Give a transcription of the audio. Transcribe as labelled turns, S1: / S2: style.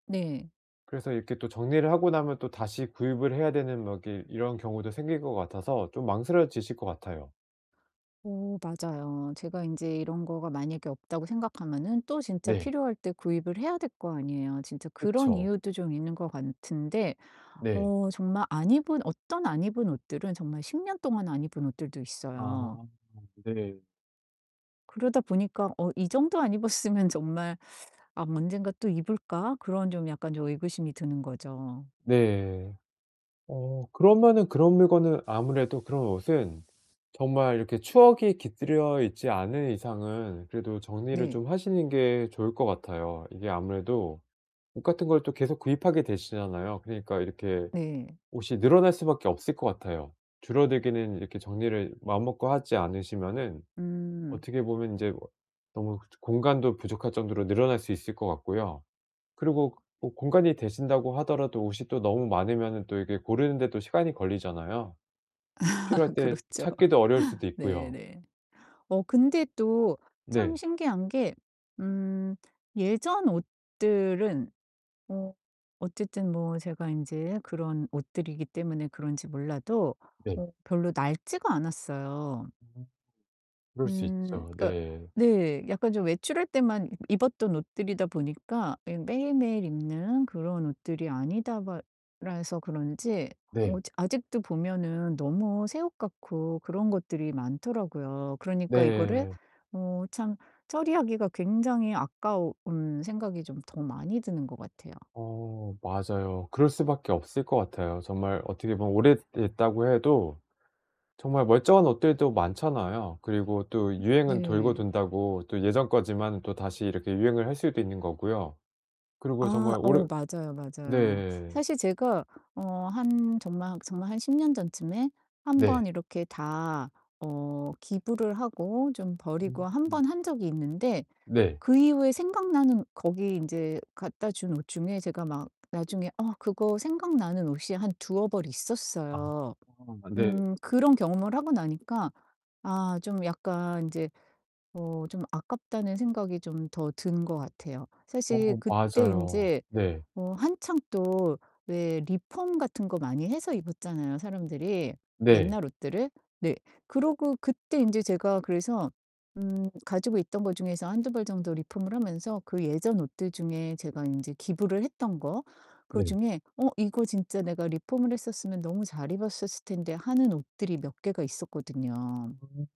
S1: 네.
S2: 그래서 이렇게 또 정리를 하고 나면 또 다시 구입을 해야 되는 뭐 이게 이런 경우도 생길 것 같아서 좀 망설여지실 것 같아요.
S1: 어 맞아요. 제가 인제 이런 거가 만약에 없다고 생각하면은 또 진짜
S2: 네.
S1: 필요할 때 구입을 해야 될 거 아니에요. 진짜 그런
S2: 그쵸.
S1: 이유도 좀 있는 것 같은데
S2: 네.
S1: 어 정말 안 입은 어떤 안 입은 옷들은 정말 10 년 동안 안 입은 옷들도 있어요.
S2: 아 네.
S1: 그러다 보니까 '어 이정도 안 입었으면 정말 아 언젠가 또 입을까?' 그런 좀 약간 좀 의구심이 드는 거죠.
S2: 네. 어 그러면은 그런 물건은 아무래도 그런 옷은 정말 이렇게 추억이 깃들여 있지 않은 이상은 그래도 정리를
S1: 네.
S2: 좀 하시는 게 좋을 것 같아요. 이게 아무래도 옷 같은 걸 또 계속 구입하게 되시잖아요. 그러니까 이렇게
S1: 네.
S2: 옷이 늘어날 수 밖에 없을 것 같아요. 줄어들기는 이렇게 정리를 마음 먹고 하지 않으시면은
S1: 음.
S2: 어떻게 보면 인제 너무 공간도 부족할 정도로 늘어날 수 있을 것 같고요. 그리고 뭐 공간이 되신다고 하더라도 옷이 또 너무 많으면 또 이게 고르는데도 시간이 걸리잖아요.
S1: 아
S2: 필요할 때
S1: 그렇죠.
S2: 찾기도 어려울 수도
S1: 네
S2: 있고요.
S1: 네. 어 근데 또 참
S2: 네.
S1: 신기한게 음 예전 옷들은 어 어쨌든 뭐 제가 인제 그런 옷들이기 때문에 그런지 몰라도
S2: 네.
S1: 어 별로 낡지가 않았어요.
S2: 음. 그럴 수
S1: 음
S2: 있죠.
S1: 그니까
S2: 네.
S1: 네 약간 좀 외출할 때만 입었던 옷들이다 보니까 이 매일매일 입는 그런 옷들이 아니다바 라서 그런지 어
S2: 네.
S1: 아직도 보면은 너무 새 옷 같고 그런 것들이 많더라고요. 그러니까 이거를
S2: 네.
S1: 어 참 처리하기가 굉장히 아까운 생각이 좀 더 많이 드는 것 같아요.
S2: 어 맞아요. 그럴 수 밖에 없을 것 같아요. 정말 어떻게 보면 오래됐다고 해도 정말 멀쩡한 옷들도 많잖아요. 그리고 또 유행은 돌고
S1: 네.
S2: 돈다고 또 예전 거지만 또 다시 이렇게 유행을 할 수도 있는 거고요. 그리고
S1: 아.
S2: 정말 오래
S1: 어 맞아요, 맞아요.
S2: 네.
S1: 사실 제가 어 한 정말 정말 한 10 년 전쯤에 1
S2: 네.
S1: 번 이렇게 다 어 기부를 하고 좀 버리고 1
S2: 음.
S1: 번 한 적이 있는데
S2: 네.
S1: 그 이후에 생각나는 거기 이제 갖다 준 옷 중에 제가 막 나중에 어 그거 생각나는 옷이 한 두어 벌
S2: 아
S1: 있었어요.
S2: 네.
S1: 음 그런 경험을 하고 나니까 아 좀 약간 인제 '어 좀 아깝다.'는 생각이 좀 더 든 것 같아요. 사실
S2: 어.
S1: 그때
S2: 맞아요.
S1: 인제
S2: 네.
S1: 어 한창 또 왜 리폼 같은 거 많이 해서 입었잖아요, 사람들이
S2: 네.
S1: 옛날 옷들을? 네. 그러고 그때 인제 제가 그래서 음 가지고 있던 거 중에서 1-2 벌 정도 리폼을 하면서 그 예전 옷들 중에 제가 인제 기부를 했던 거
S2: 네.
S1: 그중에 '어 이거 진짜 내가 리폼을 했었으면 너무 잘 입었었을 텐데.' 하는 옷들이 몇 개가 있었거든요.
S2: 음.